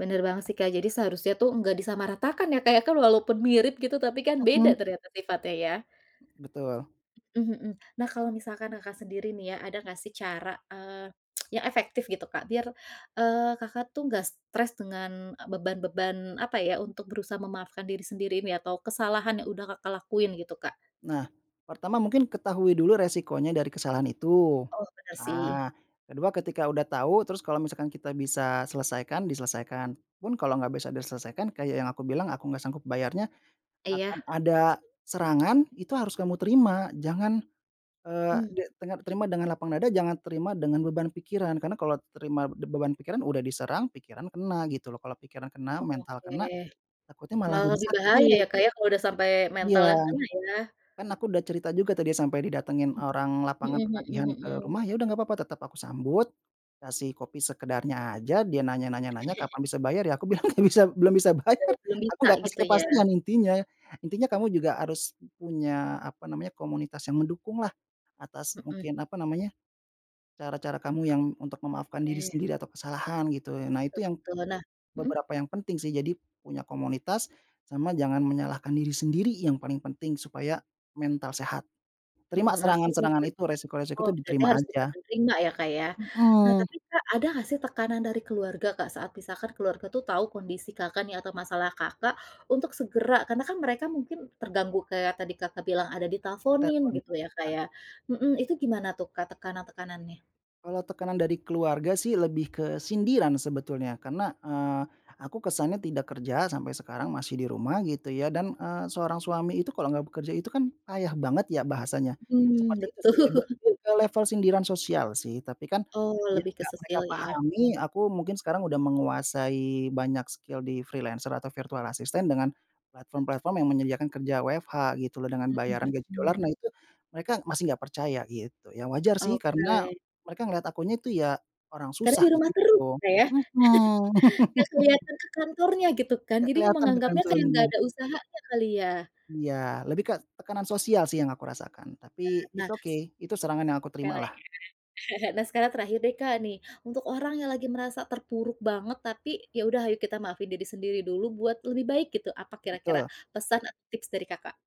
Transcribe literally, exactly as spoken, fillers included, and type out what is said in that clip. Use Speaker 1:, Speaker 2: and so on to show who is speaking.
Speaker 1: Bener banget sih Kak jadi seharusnya tuh nggak disamaratakan ya, Kak, ya, kan walaupun mirip gitu tapi kan beda ternyata sifatnya ya.
Speaker 2: Betul.
Speaker 1: Mhm, mhm. Nah kalau misalkan Kakak sendiri nih ya ada nggak sih cara, eee, yang efektif gitu, Kak, biar, eee, Kakak tuh nggak stres dengan e beban-beban apa ya untuk berusaha memaafkan diri sendiri ini atau kesalahan yang udah Kakak lakuin gitu, Kak?
Speaker 2: Nah, pertama mungkin ketahui dulu resikonya dari kesalahan itu,
Speaker 1: Oh bener sih.
Speaker 2: nah kedua ketika udah tahu terus kalau misalkan kita bisa selesaikan diselesaikan. Pun kalau nggak bisa diselesaikan kayak yang aku bilang aku nggak sanggup bayarnya, akan
Speaker 1: Iya.
Speaker 2: ada serangan itu harus kamu terima jangan eee
Speaker 1: Mmm.
Speaker 2: de tenga terima dengan lapang dada jangan terima dengan beban pikiran, karena kalau terima d beban pikiran udah diserang pikiran kena gitu loh kalau pikiran kena, mental
Speaker 1: Oke,
Speaker 2: kena, takutnya malah
Speaker 1: malah
Speaker 2: jadi
Speaker 1: lebih bahaya
Speaker 2: sakit.
Speaker 1: ya, Kak, ya kalau udah sampai
Speaker 2: Iya,
Speaker 1: mental yang kena ya.
Speaker 2: kan aku udah cerita juga tadi sampe didatengin orang lapangan
Speaker 1: Mhm, mhm
Speaker 2: penagihan
Speaker 1: mhm
Speaker 2: ke
Speaker 1: mhm.
Speaker 2: rumah ya udah gak papa tetep aku sambut, kasih kopi sekedarnya aja dia nanya nanya nanya kapan bisa bayar ya aku bilang gak bisa belum bisa belum bisa bayar
Speaker 1: Eee, belum
Speaker 2: aku
Speaker 1: bisa
Speaker 2: gak kasih
Speaker 1: gitu ya?
Speaker 2: kepastian intinya. Intinya kamu juga harus punya apa namanya komunitas yang mendukunglah atas
Speaker 1: Mhm.
Speaker 2: mungkin apa namanya, cara-cara kamu yang untuk memaafkan diri
Speaker 1: Oke.
Speaker 2: sendiri atau kesalahan gitu ya nah itu
Speaker 1: Betul
Speaker 2: yang
Speaker 1: betul, nah mhm.
Speaker 2: beberapa yang penting sih. Jadi punya komunitas, sama jangan menyalahkan diri sendiri yang paling penting, supaya mental sehat terima
Speaker 1: Mmm nah kalau
Speaker 2: serangan-serangan
Speaker 1: bisa,
Speaker 2: itu
Speaker 1: [unintelligible]
Speaker 2: resiko-resiko
Speaker 1: oh
Speaker 2: tuh
Speaker 1: berarti
Speaker 2: diterima
Speaker 1: harus bisa
Speaker 2: aja.
Speaker 1: di terima ya, Kak, ya? Nah
Speaker 2: Mhm.
Speaker 1: tapi, Kak, ada nggak sih tekanan dari keluarga, Kak, saat misalkan keluarga tuh tahu kondisi Kakak nih atau masalah Kakak untuk segera karena kan mereka mungkin terganggu kayak tadi Kakak bilang ada ditelponin
Speaker 2: Ditelfon,
Speaker 1: gitu ya
Speaker 2: iya.
Speaker 1: kayak mhm, itu gimana tuh, Kak, tekanan-tekanannya?
Speaker 2: Kalau tekanan dari keluarga sih lebih ke sindiran sebetulnya karena, eee, aku kesannya tidak kerja sampai sekarang masih di rumah gitu ya dan, eee, seorang suami itu kalau gak bekerja itu kan payah banget ya bahasanya.
Speaker 1: Mhm,
Speaker 2: Seperti itu sih lebe
Speaker 1: betul.
Speaker 2: mmm, ke level sindiran sosial sih tapi kan
Speaker 1: Oh
Speaker 2: yang
Speaker 1: lebih ke
Speaker 2: gak mereka
Speaker 1: sosial ya.
Speaker 2: pahami aku mungkin sekarang udah menguasai banyak skill di freelancer atau virtual assistant dengan platform-platform yang menyediakan kerja WFH gitu loh dengan
Speaker 1: Mhm
Speaker 2: bayaran gaji
Speaker 1: mhm.
Speaker 2: dolar nah itu mereka masih gak percaya gitu. Ya wajar sih karena
Speaker 1: Oke.
Speaker 2: mereka ngeliat aku nya itu ya orang
Speaker 1: Tadi di
Speaker 2: susah git
Speaker 1: rumah terus
Speaker 2: gitu,
Speaker 1: ya Kak ya,
Speaker 2: mhm.
Speaker 1: nggak kelihatan ke kantornya gitu kan,
Speaker 2: Enggak
Speaker 1: jadi
Speaker 2: keliatan ke
Speaker 1: menganggapnya
Speaker 2: kantor
Speaker 1: kayak nggak
Speaker 2: nya.
Speaker 1: ada usaha aja kali ya?
Speaker 2: Iya, lebih ke tekanan sosial sih yang aku rasakan
Speaker 1: Eee,
Speaker 2: tapi
Speaker 1: nah
Speaker 2: it's
Speaker 1: s
Speaker 2: okay itu serangan yang aku
Speaker 1: enggak lah
Speaker 2: terimalah.
Speaker 1: ya, nah sekarang terakhir deh, Kak, nih untuk orang yang lagi merasa terpuruk banget tapi ya udah ayo kita maafin diri sendiri dulu buat lebih baik gitu, apa kira-kira
Speaker 2: Betul.
Speaker 1: pesan atau tips dari Kakak?